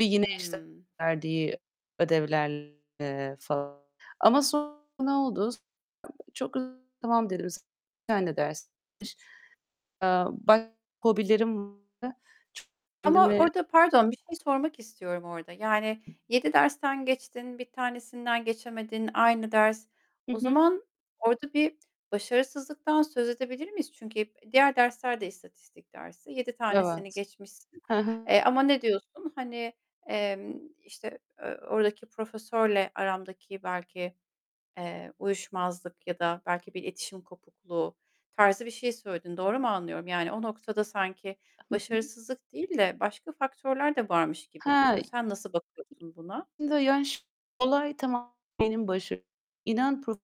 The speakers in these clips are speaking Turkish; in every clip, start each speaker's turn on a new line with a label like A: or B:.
A: Bir yine işte
B: Hımm.
A: verdiği ödevlerle falan. Ama sonra ne oldu? Çok hızlı tamam dedim. Bir tane ders. Eee, başka hobilerim var.
B: Ama
A: Kendimi
B: orada pardon, bir şey sormak istiyorum orada. Yani, 7 dersten geçtin, 1 tanesinden geçemedin. Aynı ders.
A: Hı
B: O
A: hı.
B: zaman orada bir başarısızlıktan söz edebilir miyiz? Çünkü hep diğer dersler de istatistik dersi. 7 tanesini
A: Evet,
B: geçmişsin.
A: He h
B: Eee, ama ne diyorsun? Hani, emm, işte, eee, oradaki profesörle aramdaki belki, eee, uyuşmazlık ya da belki bir iletişim kopukluğu tarzı bir şey söyledin. Doğru mu anlıyorum? Yani o noktada sanki
A: Hı hı.
B: başarısızlık değil de başka faktörler de varmış gibi
A: He.
B: duruyor. Sen nasıl bakıyorsun buna?
A: Olay tamam benim baş inan pro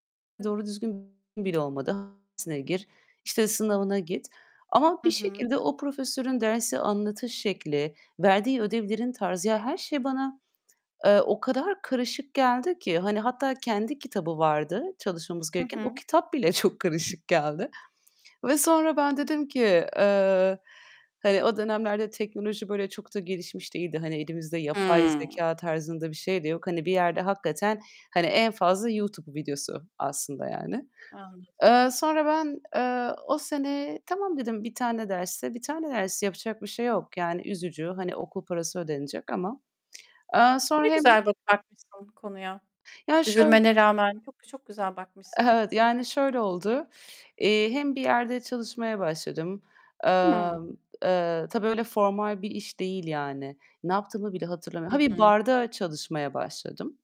A: doğru düzgün bile olmadı. Dersine gir, işte sınavına git. Ama
B: Hı
A: bir
B: hı.
A: şekilde o profesörün dersi anlatış şekli, verdiği ödevlerin tarzı, ya, her şey bana, eee, o kadar karışık geldi ki. Hani hatta kendi kitabı vardı çalışmamız
B: Hı
A: gereken. O
B: hı.
A: kitap bile çok karışık geldi. Ve sonra ben dedim ki Eee, hani o dönemlerde teknoloji böyle çok da gelişmiş değildi. Hani, elimizde yapay
B: Hımm.
A: zekâ tarzında bir şey de yok. Hani bir yerde hakikaten hani en fazla YouTube videosu aslında yani.
B: Anladım.
A: Eee, sonra ben, eee, o sene "Tamam." dedim 1 tane dersse 1 tane ders yapacak bir şey yok. Yani, üzücü. Hani okul parası ödenecek ama. Eee, sonra
B: Ne
A: hem
B: güzel ba bakmışsın konuya.
A: Ya, şöyl
B: Üzülmene rağmen çok, çok güzel bakmışsın.
A: Evet, yani şöyle oldu: Eee, hem bir yerde çalışmaya başladım.
B: Hımm.
A: Emm, eee, tabii öyle formal bir iş değil yani. Ne yaptığımı bile hatırlamıyorum. Ha,
B: Hı
A: bir
B: hı.
A: barda çalışmaya başladım.